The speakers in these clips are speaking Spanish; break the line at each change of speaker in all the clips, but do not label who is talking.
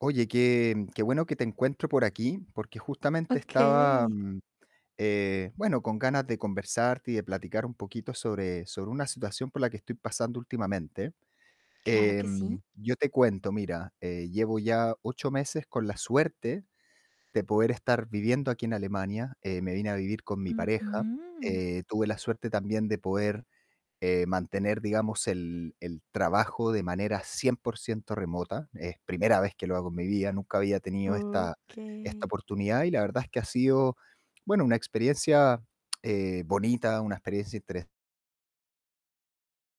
Oye, qué qué bueno que te encuentro por aquí, porque justamente estaba,
Okey.
eh, bueno, con ganas de conversar y de platicar un poquito sobre sobre una situación por la que estoy pasando últimamente.
Claro que sí.
Em, yo te cuento. Mira, eh, llevo ya 8 meses con la suerte de poder estar viviendo aquí en Alemania. Eh, me vine a vivir con mi pareja.
Ujú.
Eh, tuve la suerte también de poder, eh, mantener, digamos, el el trabajo de manera 100% remota. Es primera vez que lo hago en mi vida. Nunca había tenido esta esta
Okey.
oportunidad y la verdad es que ha sido, bueno, una experiencia, eh, bonita, una experiencia interes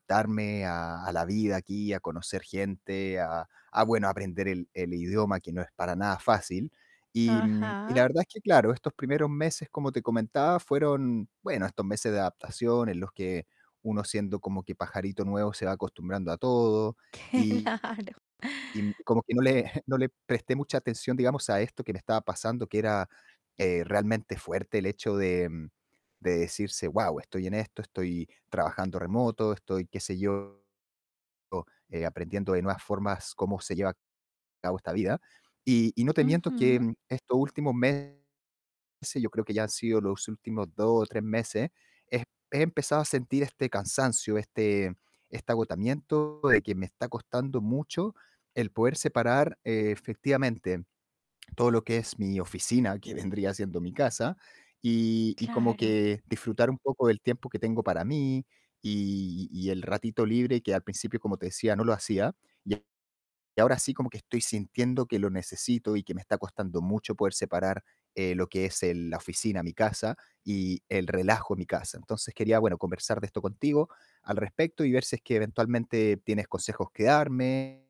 darme a a la vida aquí, a conocer gente, a a bueno, aprender el el idioma, que no es para nada fácil. Y y la
Ajá.
verdad es que claro, estos primeros meses, como te comentaba, fueron, bueno, estos meses de adaptación en los que uno siendo como que pajarito nuevo se va acostumbrando a todo y
Claro.
y como que no le no le presté mucha atención, digamos, a esto que me estaba pasando, que era, eh, realmente fuerte el hecho de de decirse: "Guau, estoy en esto, estoy trabajando remoto, estoy qué sé yo, eh, aprendiendo de nuevas formas cómo se lleva a cabo esta vida". Y y no te miento que
Ujú.
estos últimos meses, yo creo que ya han sido los últimos 2 o 3 meses, he he empezado a sentir este cansancio, este este agotamiento de que me está costando mucho el poder separar, eh, efectivamente, todo lo que es mi oficina, que vendría siendo mi casa y y como
Claro.
que disfrutar un poco del tiempo que tengo para mí y y el ratito libre que al principio, como te decía, no lo hacía. Y ahora sí como que estoy sintiendo que lo necesito y que me está costando mucho poder separar, eh, lo que es el la oficina, mi casa y el relajo, mi casa. Entonces, quería, bueno, conversar de esto contigo al respecto y ver si es que eventualmente tienes consejos que darme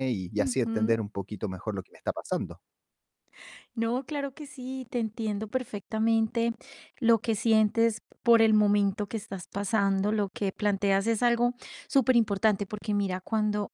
y y así entender
Ujú.
un poquito mejor lo que me está pasando.
No, claro que sí, te entiendo perfectamente lo que sientes, por el momento que estás pasando. Lo que planteas es algo superimportante, porque mira, cuando,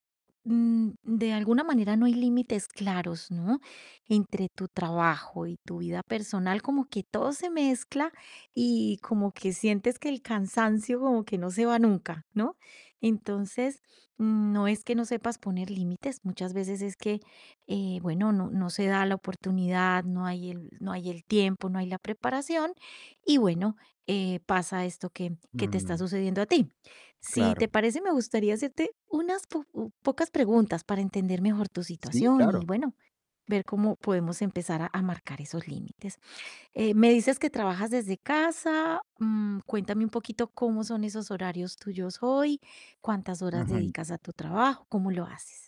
mm, de alguna manera no hay límites claros, ¿no? Entre tu trabajo y tu vida personal, como que todo se mezcla y como que sientes que el cansancio como que no se va nunca, ¿no? Entonces, mm, no es que no sepas poner límites. Muchas veces es que, eh, bueno, no no se da la oportunidad, no hay el no hay el tiempo, no hay la preparación y bueno, eh, pasa esto que que te está
Mm.
sucediendo a ti. Si
Claro.
te parece, me gustaría hacerte unas po pocas preguntas para entender mejor tu
Sí,
situación y
claro.
bueno, ver cómo podemos empezar a a marcar esos límites. Eh, me dices que trabajas desde casa. Mm, cuéntame un poquito cómo son esos horarios tuyos hoy, cuántas horas
Ujú.
dedicas a tu trabajo, ¿cómo lo haces?